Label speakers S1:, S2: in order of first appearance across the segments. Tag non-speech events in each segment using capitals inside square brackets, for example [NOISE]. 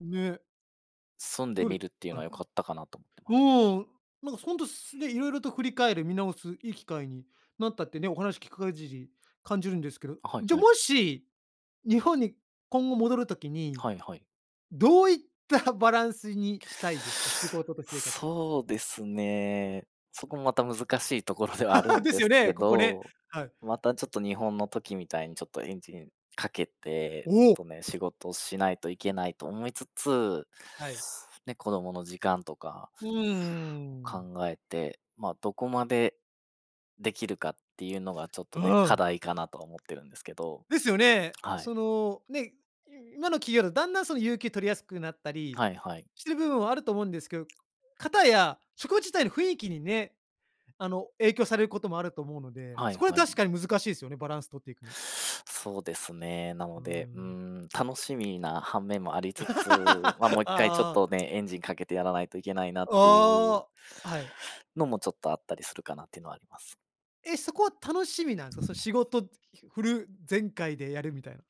S1: ね。
S2: 住んで
S1: どうで
S2: み
S1: す
S2: るっていうの
S1: か？
S2: は良かったかなと思ってます。
S1: うん、なんか本当すね、色々と振り返る見直すいい機会になったってね、お話聞くかぎり感じるんですけど、
S2: あ、はい
S1: じゃ
S2: はい。
S1: もし日本に今後戻る時に
S2: はいはい。
S1: どういったバランスにしたいですか？仕事と生活。
S2: そうですね、そこもまた難しいところではあるん
S1: です
S2: で
S1: よ
S2: す
S1: ね、
S2: け
S1: ここね。
S2: ど、
S1: はい。
S2: またちょっと日本の時みたいにちょっとエンジンかけて、ちょっ
S1: おお。
S2: とね、仕事しないといけないと思いつつ。
S1: はい。
S2: ね、子供の時間とか
S1: うーん。
S2: 考えて、まあ、どこまで、できるかっていうのがちょっと
S1: う
S2: ね、課
S1: ん。
S2: 題かなとは思ってるんですけど、
S1: ですよね。
S2: はい。
S1: そのね、い今の企業だとだんだんその有給取りやすくなったり
S2: はいはい。
S1: してる部分もあると思うんですけど、かたや職場自体の雰囲気にね、あの影響されることもあると思うので、
S2: は
S1: そ
S2: い
S1: こは
S2: は
S1: 確
S2: い。
S1: かに難しいですよね、バランスとっていくの。
S2: そうですね。な
S1: う
S2: ので、うー
S1: ん。
S2: ん、楽しみな反面もありつつ、ま、もう
S1: [LAUGHS]
S2: 一回ちょっ
S1: ああ。
S2: とね、エンジンかけてやらないといけないなっていう
S1: ああ、はい。
S2: のもちょっとあったりするかなっていうのはあります。
S1: え、そこは楽しみなんですか？その仕事フル全開でやるみたいな。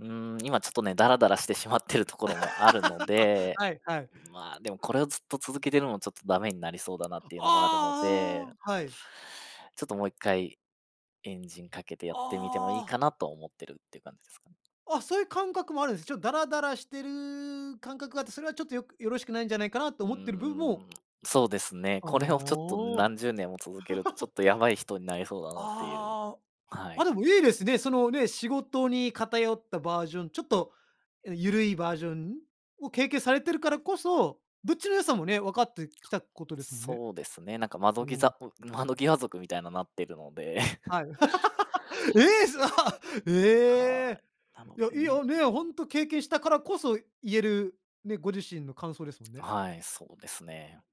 S2: うーん、今ちょっとね、ダラダラしてしまってるところもあるの
S1: [LAUGHS]
S2: で、
S1: はい、はい。
S2: ま、でもこれをずっと続けてるのもちょっとダメになりそうだなっていうのがあるので。
S1: ああ、はい。
S2: ちょっともう一回、エンジンかけてやってみてもい
S1: あ
S2: い
S1: あ。
S2: かなと思ってるっていう感じですかね。
S1: あ、そういう感覚もあるんです。ちょっとダラダラしてる感覚があって、それはちょっとよくよろしくないんじゃないかなと
S2: うー
S1: 思ってる部分も。
S2: ん、そうですね、これをちょっと
S1: ああ。
S2: 何十年も続けると、ちょっ
S1: [LAUGHS]
S2: とやばい人になりそうだなっていう、
S1: ああ、
S2: はい。
S1: あでもいいですね。そのね、仕事に偏ったバージョン、ちょっとゆるいバージョンを経験されてるからこそ、どっちの良さもね、わかってきたことですもんね。
S2: そうですね。なんか
S1: う
S2: 窓ギ
S1: ん。
S2: ザ窓際族みたいななってるので。
S1: はい。
S2: [CHUCKLES]
S1: [LAUGHS] え！すご！
S2: は
S1: ええ。
S2: い、なの
S1: いや
S2: で
S1: い
S2: ね。
S1: や、ね、本当経験したからこそ言えるね、ご自身の感想ですもんね。
S2: はい、そうですね。